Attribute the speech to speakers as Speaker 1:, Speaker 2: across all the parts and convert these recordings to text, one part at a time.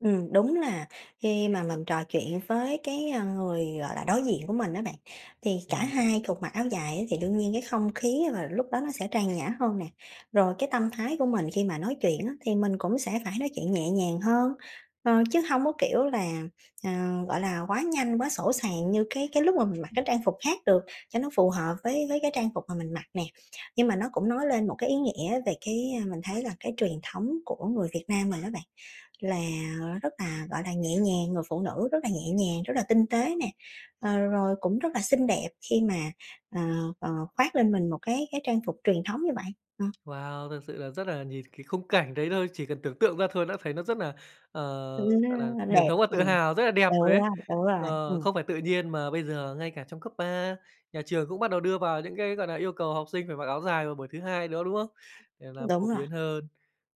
Speaker 1: Ừm, đúng là khi mà mình trò chuyện với cái, ơ, người, gọi là, đối diện của mình á bạn, thì cả
Speaker 2: Ừm, ừm.
Speaker 1: hai cùng mặc áo dài á thì đương nhiên cái không khí và lúc đó nó sẽ trang nhã hơn nè. Rồi, cái tâm thái của mình khi mà nói chuyện á thì mình cũng sẽ phải nói chuyện nhẹ nhàng hơn. Ờ, chứ hông có kiểu là, à, gọi là, quá nhanh, quá sỗ sàng như cái cái lúc mà mình mặc cái trang phục khác được, cho nó phù hợp với với cái trang phục mà mình mặc nè. Nhưng mà nó cũng nói lên một cái ý nghĩa về cái, a, mình thấy là cái truyền thống của người Việt Nam mình á bạn, là rất là, gọi là, nhẹ nhàng, người phụ nữ rất là nhẹ nhàng, rất là tinh tế nè. Ờ, rồi cũng rất là xinh đẹp khi mà, ờ, ờ, khoác lên mình một cái cái trang phục truyền thống như vậy. Ờ.
Speaker 2: Wow! Thật sự là rất là nhìn cái khung cảnh đấy thôi, chỉ cần tưởng tượng ra thôi đã thấy nó rất nà, ờ,
Speaker 1: Ừm, nó
Speaker 2: gọi nà,
Speaker 1: nó
Speaker 2: truyền
Speaker 1: đẹp.
Speaker 2: thống và tự
Speaker 1: Ừm.
Speaker 2: hào, rất là đẹp rồi đấy!
Speaker 1: [unintelligible] Đúng rồi.
Speaker 2: Ờ,
Speaker 1: Ừm.
Speaker 2: không phải tự nhiên mà bây giờ ngay cả trong cấp 3, nhà trường cũng bắt đầu đưa vào những cái, gọi nà, yêu cầu học sinh phải mặc áo dài vào buổi thứ Hai nữa, đúng không? Để làm
Speaker 1: Đúng
Speaker 2: phổ
Speaker 1: rồi.
Speaker 2: biến hơn.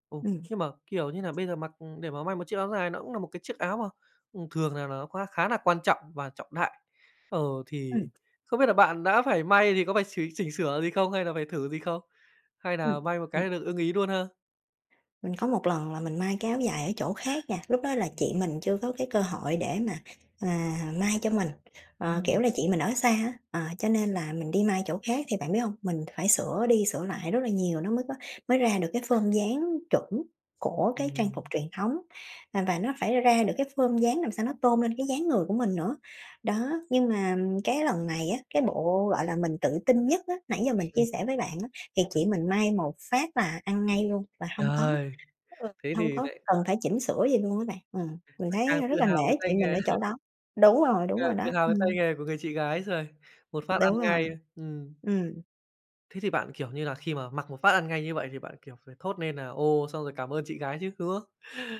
Speaker 2: Ồ!
Speaker 1: Ừm.
Speaker 2: Nhưng mà, kiểu như nà, bây giờ mặc để mà may một chiếc áo dài nó cũng nà một cái chiếc áo mà, ừm, thường là nó kh khá là quan trọng và trọng đại. Ờ, thì
Speaker 1: Ừm.
Speaker 2: không biết là bạn đã phải may thì có phải sửa chỉnh sửa gì không hay là phải thử gì không? Hay
Speaker 1: Ừm.
Speaker 2: nà may một
Speaker 1: Ừm.
Speaker 2: cái được ưng ý luôn ha?
Speaker 1: Mình có một lần là mình may cái áo dài ở chỗ khác nha, lúc đó là chị mình chưa có cái cơ hội để mà, à, may cho mình. Ờ, kiểu
Speaker 2: Ừm.
Speaker 1: là, chị mình ở xa á, à cho nên là mình đi may chỗ khác thì bạn biết hông? Mình phải sửa đi sửa lại rất là nhiều nó mới có mới ra được cái form dáng chuẩn của cái trang phục
Speaker 2: Ừm.
Speaker 1: truyền thống. À, và nó phải ra được cái form dáng làm sao nó tôn lên cái dáng người của mình nữa. Đó, nhưng mà cái lần này á, cái bộ, gọi là, mình tự tin nhất á, nãy giờ mình chia
Speaker 2: Ừm.
Speaker 1: sẻ với bạn á thì
Speaker 2: Ừm.
Speaker 1: chị mình may một phát là ăn ngay luôn và hông có
Speaker 2: Trời!
Speaker 1: ừ,
Speaker 2: Thế
Speaker 1: hông
Speaker 2: thì
Speaker 1: có
Speaker 2: nại
Speaker 1: cần phải chỉnh sửa gì luôn á bạn. Ừm. Mình
Speaker 2: Lại
Speaker 1: thấy,
Speaker 2: càng
Speaker 1: a, rất
Speaker 2: tự
Speaker 1: là
Speaker 2: hào về
Speaker 1: nể
Speaker 2: tay
Speaker 1: chị mình
Speaker 2: nghề.
Speaker 1: ở chỗ đó. Đúng rồi, đúng
Speaker 2: Càng
Speaker 1: rồi
Speaker 2: tự
Speaker 1: đó.
Speaker 2: hào về tay
Speaker 1: Ừm.
Speaker 2: nghề của người chị gái rồi. Một phát ăn
Speaker 1: Đúng rồi.
Speaker 2: ngay. Ừm.
Speaker 1: Ừm.
Speaker 2: Thế thì bạn, kiểu như là, khi mà mặc một phát ăn ngay như vậy thì bạn, kiểu, phải thốt nên nà "Ồ!", xong rồi cảm ơn chị gái chứ, đúng không?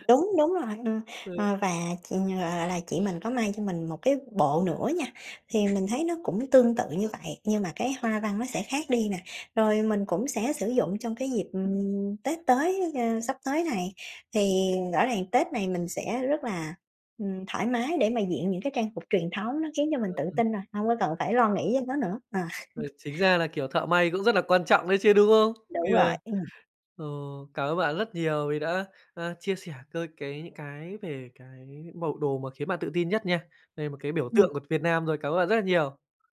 Speaker 1: Đúng, đúng rồi, ờ,
Speaker 2: Ừ.
Speaker 1: ờ, và, chị, gọi là là, mình có may cho mình một cái bộ nữa nha, thì mình thấy nó cũng tương tự như vậy, nhưng mà cái hoa văn nó sẽ khác đi nè. Rồi mình cũng sẽ sử dụng trong cái dịp, ừm, Tết tới, a, sắp tới này. Thì, ờ, rõ ràng Tết này mình sẽ rất là, ừm, thoải mái để mà diện những cái trang phục truyền thống nó khiến cho mình tự tin rồi, hông có cần
Speaker 2: [unintelligible]
Speaker 1: phải lo nghĩ cho nó nữa. À.
Speaker 2: Rồi, chính ra là kiểu thợ may cũng rất là quan trọng đấy chứ, đúng không?
Speaker 1: Đúng rồi.
Speaker 2: [unintelligible]
Speaker 1: Ừm.
Speaker 2: Ồ, cảm ơn bạn rất nhiều vì đã, a, chia sẻ c cái những cái về cái bộ đồ mà khiến bạn tự tin nhất nha. Đây một cái biểu
Speaker 1: Ừm.
Speaker 2: tượng của Việt Nam rồi. Cảm ơn bạn rất là nhiều!